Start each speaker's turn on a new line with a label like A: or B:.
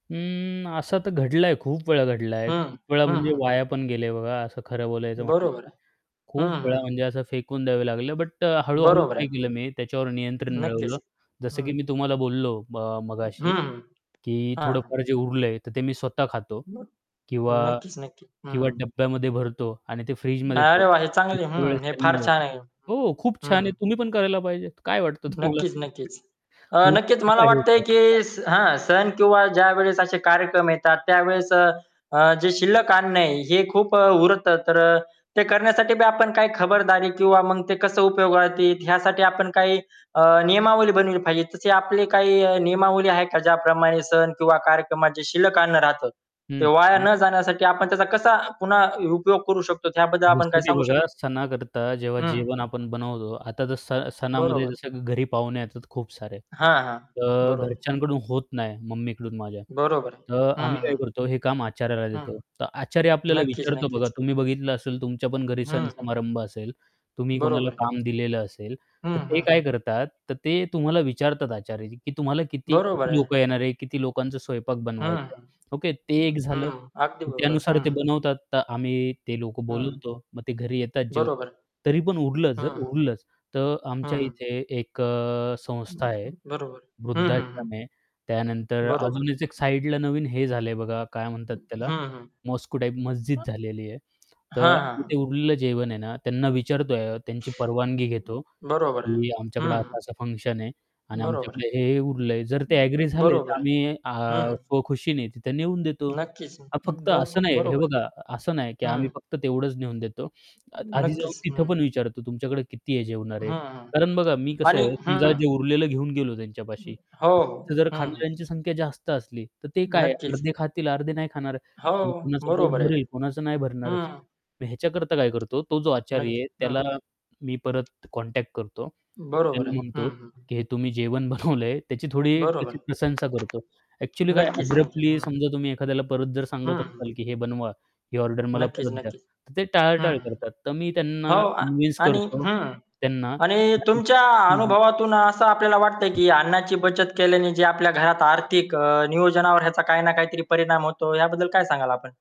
A: अं, असं तर घडलं आहे, खूप वेळा घडलं आहे.
B: हां.
A: खूप वेळा
B: हां,
A: म्हणजे
B: हां.
A: वाया पण गेले आहे बघा. असं खरं बोलायचं म्हटलं
B: बरोबर
A: तर.
B: आहे.
A: खूप
B: हां,
A: वेळा
B: हां.
A: म्हणजे असं फेकून द्यावं लागलं बट अ, हळू-हळू
B: बरोबर आहे
A: काय
B: ना.
A: केलं मी, त्याच्यावर नियंत्रण
B: नक्कीच.
A: मिळवलं. जसं
B: हं.
A: की मी तुम्हाला बोललो ब
B: हं,
A: मगाशी
B: हं.
A: की
B: हां, हां.
A: थोडंफार जे उरलंय तर ते मी स्वतः खातो
B: मग
A: किंवा
B: नक्कीच, नक्कीच.
A: किंवा
B: हं.
A: डब्यामध्ये भरतो आणि ते
B: वा!
A: फ्रीजमध्ये ठेवतो
B: रे वा! हे चांगली आहे.
A: दुसऱ्या वेळेस
B: हं, हे फार
A: त्यांना
B: छान आहे.
A: हो खूप छान आहे
B: हं.
A: तुम्ही पण करायला पाहिजेत. काय वाटतं तुम्हाला?
B: नक्कीच, नक्कीच. अ,
A: तुमचं
B: नक्कीच मला
A: काय हे
B: वाटतंय
A: [unintelligible]
B: की स हां, सण किंवा ज्यावेळेस असे कार्यक्रम येतात त्यावेळेस अ, अ, जे शिल्लक अन्न आहे. हे खूप अ, उरतं. तर अ, ते करण्यासाठी बी आपण काही खबरदारी किंवा मग ते कसं उपयोगात येईल, यासाठी आपण काही अ, नियमावली बनवली पाहिजे. तसे आपले काही अ, नियमावली आहे का? ज्याप्रमाणे सण किंवा कार्यक्रमात जे शिल्लक अन्न राहतं. ते
A: हं.
B: वाया
A: हं.
B: न जाण्यासाठी आपण त्याचा कसा पुन्हा उपयोग करू शकतो, त्याबद्दल आपण
A: जसं
B: काय
A: की
B: सांगू शकतो?
A: बघा सणाकरता जेव्हा
B: हं.
A: जेवण आपण बनवतो. आता तर स सणामध्ये
B: बरोबर.
A: जसं की घरी पाहुणे येतात खूप सारे,
B: हां, हां.
A: तर
B: बरोबर.
A: घरच्यांकडून होत नाही, मम्मीकडून माझ्या.
B: बरोबर आहे.
A: तर आम्ही
B: हं,
A: काय
B: हं.
A: करतो? हे काम आचाऱ्याला
B: हं.
A: देतो. तर आचारी आपल्याला
B: नक्कीच,
A: विचारतो बघा,
B: नक्कीच.
A: तुम्ही बघितलं असेल तुमच्या पण घरी
B: हं, हं, हं.
A: सण-समारंभ असेल. तुम्ही कोणाला
B: बरोबर आहे.
A: काम दिलेलं असेल,
B: हं,
A: तर ते
B: हं,
A: काय
B: हं.
A: करतात? तर ते तुम्हाला विचारतात आचारी की, "तुम्हाला किती
B: बरोबर
A: किती
B: आहे.
A: लोकं येणार आहे? किती लोकांचा स्वयंपाक बनवायचाय?"
B: हं,
A: ओके, ते एक
B: हं.
A: झालं.
B: हं. अगदी
A: तर
B: बरोबर.
A: त्यानुसार ते
B: हं.
A: बनवतात. तर आम्ही ते लोक
B: हं.
A: बोलवतो. मग ते घरी येतात जेवतात
B: बरोबर
A: तरी पण उरलंच
B: आहे.
A: जर
B: हं, हं.
A: उरलंच तर
B: हं,
A: आमच्या
B: हं.
A: इथे एक अ, संस्था आहे,
B: बरोबर. हं, हं, हं.
A: वृद्धाश्रम आहे. त्यानंतर
B: बरोबर आहे.
A: अजूनच एक साइडला नवीन हे झालंय बघा काय म्हणतात
B: हं,
A: त्याला
B: हं.
A: मॉस्क्यु टाइप मस्जिद झालेली आहे.
B: पण हां,
A: तर
B: हां,
A: ते
B: हां.
A: उरलेलं जेवण आहे ना, त्यांना विचारतोय त्यांची परवानगी घेतो
B: बरोबर आहे.
A: की,
B: हं,
A: "आमच्याकडे
B: हं.
A: असा-असा फंक्शन आहे आणि
B: बरोबर आहे.
A: आमच्याकडे हे-हे उरलंय." जर ते ॲग्री झाले तर
B: बरोबर आहे.
A: आम्ही
B: हं,
A: अ,
B: हं
A: स्वखुशीने तिथे नेऊन देतो.
B: नक्कीच अ,
A: हां, फक्त असं
B: बरकं
A: नाही. हे
B: बरोबर आहे.
A: बघा, असं नाही की आम्ही
B: हं.
A: फक्त तेवढंच नेऊन देतो. अ आधी जाऊन
B: नक्कीच, हं.
A: तिथं पण विचारतो, "तुमच्याकडे किती आहे
B: हं,
A: जेवणारे?"
B: हं.
A: कारण बघा मी कसं
B: आणि
A: आहे, समजा
B: हं.
A: जे उरलेलं घेऊन गेलो
B: हं.
A: त्यांच्यापाशी
B: हो,
A: तर तिथं
B: हो.
A: जर
B: हं, हं.
A: खाणाऱ्यांची संख्या जास्त असली तर ते काय आहे
B: नक्कीच.
A: अर्धे
B: हं.
A: खातील, अर्धे नाही खाणार.
B: हो,
A: किंवा कोणाचं पोट
B: बरोबर आहे.
A: भरेल, कोणाचं नाही भरणार, असं.
B: हं.
A: तर ह्याच्याकरता काय करतो, तो जो आचारी
B: अगदी,
A: आहे
B: हं.
A: त्याला मी परत कॉन्टॅक्ट करतो.
B: बरोबर
A: त्याला
B: आहे.
A: म्हणतो
B: हं, हं, हं.
A: की, "हे तुम्ही जेवण बनवलंय." त्याची थोडी
B: बरोबर
A: अशी
B: आहे.
A: प्रशंसा करतो. ॲक्चुअली काय आहे ना
B: नक्कीच [unintelligible]
A: अब्रप्टली
B: हं.
A: समजा तुम्ही एखाद्याला परत जर
B: हं,
A: सांगत
B: हं.
A: असाल की हे बनवा, ही ऑर्डर मला
B: नक्कीच,
A: परत द्या.
B: नक्कीच.
A: तर ते
B: हं,
A: टाळाटाळ
B: हं.
A: करतात. तर मी
B: हो
A: त्यांना
B: आ
A: कन्विन्स
B: आणि
A: करतो
B: हं.
A: त्यांना
B: आणि
A: [unintelligible]
B: तुमच्या
A: हं, हं.
B: अनुभवातून असं आपल्याला वाटतं की अन्नाची बचत केल्याने जे आपल्या घरात आर्थिक अ, नियोजनावर याचा काही ना काहीतरी परिणाम होतो याबद्दल काय सांगाल आपण?